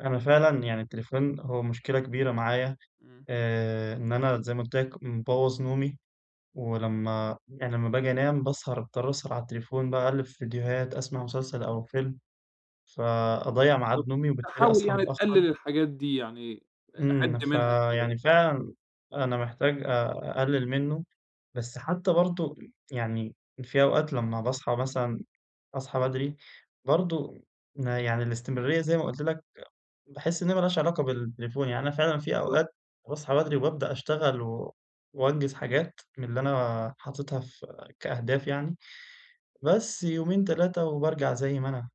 أنا فعلًا يعني التليفون هو مشكلة كبيرة معايا، إمم. آآ إن أنا زي ما قلت لك، مبوظ نومي ولمّا يعني لمّا باجي أنام باسهر باضطر أسهر على التليفون باقلِّب في فيديوهات أسمع مسلسل أو فيلم فأضيع ميعاد بالضبط، نومي أنت وبالتالي حاول أصحى يعني تقلل متأخّر. الحاجات دي، يعني حِد إمم، منها شوية. فيعني فعلًا أنا محتاج أقلل منّه، بس حتّى برضو م يعني في أوقات لمّا باصحى مثلًا أصحى بدري برضو يعني الاستمرارية زي ما قلت لك، باحس إنّها ما لهاش علاقة بالتليفون، يعني أنا فعلًا في بالضبط. أوقات باصحى بدري وبابدأ أشتغل و وأنجز حاجات من اللي أنا حاططها في كأهداف يعني. بس يومين، 3 وبارجع زي ما أنا.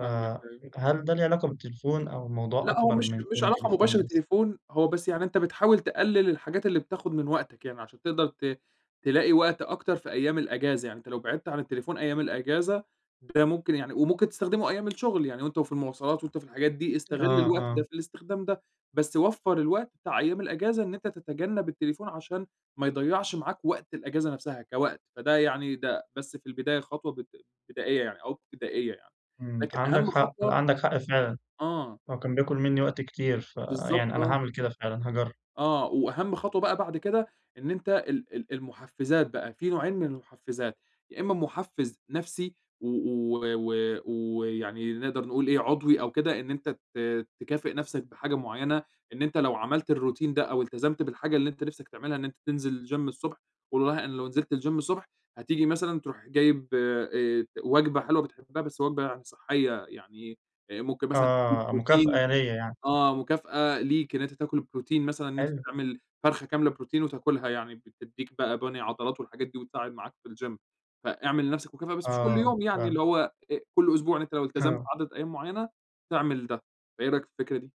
فاهمك أيوه. فهل ده له علاقة بالتليفون أو موضوع لأ، هو أكبر مش من مش كون علاقة تليفون مباشرة بس؟ تليفون، هو بس يعني أنت بتحاول تقلل الحاجات اللي بتاخد من وقتك يعني، عشان تقدر ت تلاقي وقت أكتر في أيّام الأجازة، يعني أنت لو بعدت عن التليفون أيّام الأجازة، ده ممكن يعني وممكن تستخدمه أيّام الشغل يعني وأنت وفي المواصلات وأنت في الحاجات دي، استغل آه، الوقت ده آه. في الاستخدام ده. بس وفَّر الوقت بتاع أيّام الإجازة إن أنت تتجنب التليفون عشان ما يضيَّعش معاك وقت الإجازة نفسها كوقت، فده يعني ده بس في البداية خطوة بد بدائية يعني أو ابتدائية يعني. امم، لكن عندك أهم حق خطوة عندك، لأ حق فعلًا. آه. هو كان بياكل مني وقت كتير، بالضبط، فيعني أنا آه. هاعمل كده فعلًا، هاجرب. آه، وأهم خطوة بقى بعد كده إن أنت ال ال المحفزات بقى، في نوعين من المحفزات، يا إما محفز نفسي و و و ويعني نقدر نقول إيه، عضوي أو كده إن أنت ت تكافئ نفسك بحاجة معيّنة، إن أنت لو عملت الروتين ده أو التزمت بالحاجة اللي أنت نفسك تعملها إن أنت تنزل جيم الصبح والله أنا لو نزلت الجيم الصبح هتيجي مثلًا تروح جايب، آآ ت وجبة حلوة بتحبها، بس وجبة يعني صحية يعني آآ، ممكن مثلًا تكون آه، مكافأة بروتين، ليا يعني.. آه، مكافأة ليك إن أنت تأكل بروتين مثلًا إن أنت حلو. تعمل فرخة كاملة بروتين وتاكلها يعني بتدّيك بقى بَني عضلات والحاجات دي وتساعد معاك في الجيم فإعمل لنفسك مكافأة، بس مش كل آه، يوم يعني، فاهم اللي هو أ كل أسبوع إن أنت لو التزمت آه. عدد أيّام معيّنة، تعمل ده، فإيه رأيك في الفكرة دي؟